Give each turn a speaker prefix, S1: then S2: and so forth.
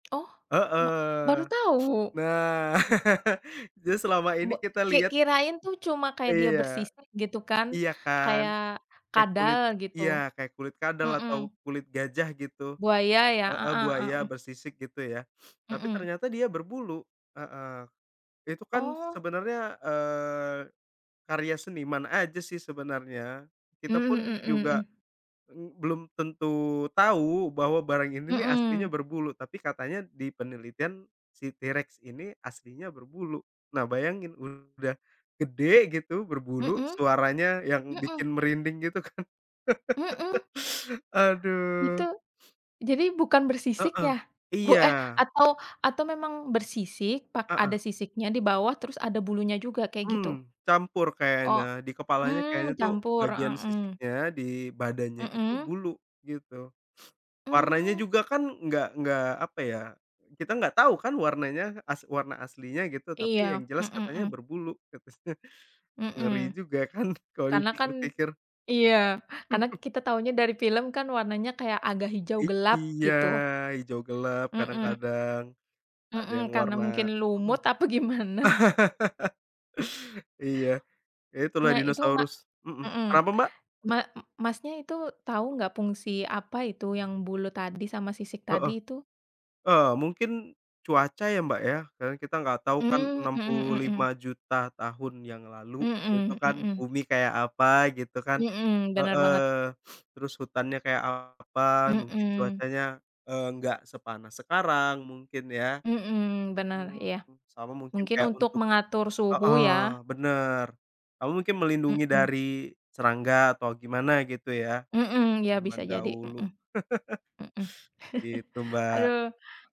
S1: Oh, ma baru
S2: Heeh.
S1: tahu.
S2: Nah. Jadi, selama
S1: Be
S2: ini kita
S1: ki
S2: lihat
S1: kirain tuh cuma kayak dia
S2: Iya.
S1: bersisik gitu kan,
S2: Iya, kan?
S1: kayak
S2: Kayak
S1: kadal,
S2: kulit
S1: gitu.
S2: iya, kayak kulit kadal,
S1: Mhm.
S2: atau kulit gajah, gitu.
S1: Buaya, ya? Heeh
S2: Heeh.
S1: heeh
S2: Buaya
S1: heeh.
S2: bersisik, gitu, ya? Tapi
S1: Mhm.
S2: ternyata dia berbulu. Heeh. Itu kan
S1: Oh.
S2: sebenarnya, eee, karya seniman aja sih sebenarnya. Kita
S1: Mmm,
S2: pun
S1: mhm mhm
S2: juga,
S1: mhm.
S2: m belum tentu tahu bahwa barang ini nih aslinya
S1: Mhm.
S2: berbulu, tapi katanya di penelitian, si T-Rex ini aslinya berbulu. Nah, bayangin udah gede gitu, berbulu,
S1: Mhm,
S2: suaranya yang
S1: mhm.
S2: bikin merinding, gitu kan?
S1: Mhm? Itu
S2: Aduh.
S1: jadi, bukan bersisik
S2: Heeh.
S1: ya? Bu
S2: Iya.
S1: eh, atau atau memang bersisik, pak
S2: Heeh.
S1: ada sisiknya di bawah, terus ada bulunya juga, kayak, gitu?
S2: Mmm, campur
S1: O
S2: kayaknya, di kepalanya kayaknya
S1: hmm,
S2: tuh
S1: campur.
S2: bagian
S1: Heeh heeh.
S2: sisiknya, di badannya itu
S1: Mhm.
S2: bulu, gitu. Warnanya
S1: Mmm.
S2: juga kan nggak nggak apa ya, kita nggak tahu kan warnanya as warna aslinya gitu, tapi yang
S1: Iya.
S2: jelas
S1: Mhm
S2: katanya
S1: mhm.
S2: berbulu, katanya. Ngeri
S1: Mhm.
S2: juga kan kalau
S1: Karena kan
S2: dipikir-pikir?
S1: iya. Karena kita tahunya dari film kan warnanya kayak agak hijau gelap,
S2: Iya,
S1: gitu.
S2: hijau gelap,
S1: Mhm.
S2: kadang-kadang. Ada yang
S1: Mhm, karena
S2: warna
S1: mungkin
S2: mhm.
S1: lumut, apa gimana.
S2: Iya. Ya, itulah
S1: Nah, itu ma
S2: dinosaurus. Mhm.
S1: mhm.
S2: Kenapa, Mbak?
S1: Ma Masnya itu tahu nggak fungsi, apa itu, yang bulu tadi sama sisik
S2: Heeh.
S1: tadi itu?
S2: Eee, mungkin, cuaca ya, Mbak, ya? Karena kita nggak tahu kan
S1: Mmm.
S2: enam
S1: Mhm
S2: puluh
S1: mhm mhm.
S2: lima juta tahun yang lalu, itu
S1: Mhm
S2: kan
S1: mhm.
S2: bumi kayak apa, gitu kan?
S1: Mhm, benar
S2: Heeh.
S1: banget.
S2: Terus hutannya kayak apa, mungkin
S1: Mhm.
S2: cuacanya, eee, nggak sepanas sekarang mungkin, ya?
S1: Mhm, benar,
S2: Mhm.
S1: iya.
S2: Sama mungkin
S1: Mungkin
S2: kayak
S1: untuk
S2: untuk
S1: mengatur suhu,
S2: heeh,
S1: ya?
S2: bener. Atau mungkin melindungi
S1: Mhm.
S2: dari serangga, atau gimana, gitu, ya?
S1: Mhm, iya, bisa
S2: Zaman
S1: jadi,
S2: dahulu.
S1: mhm. Mhm.
S2: Gitu, Mbak.
S1: Aduh.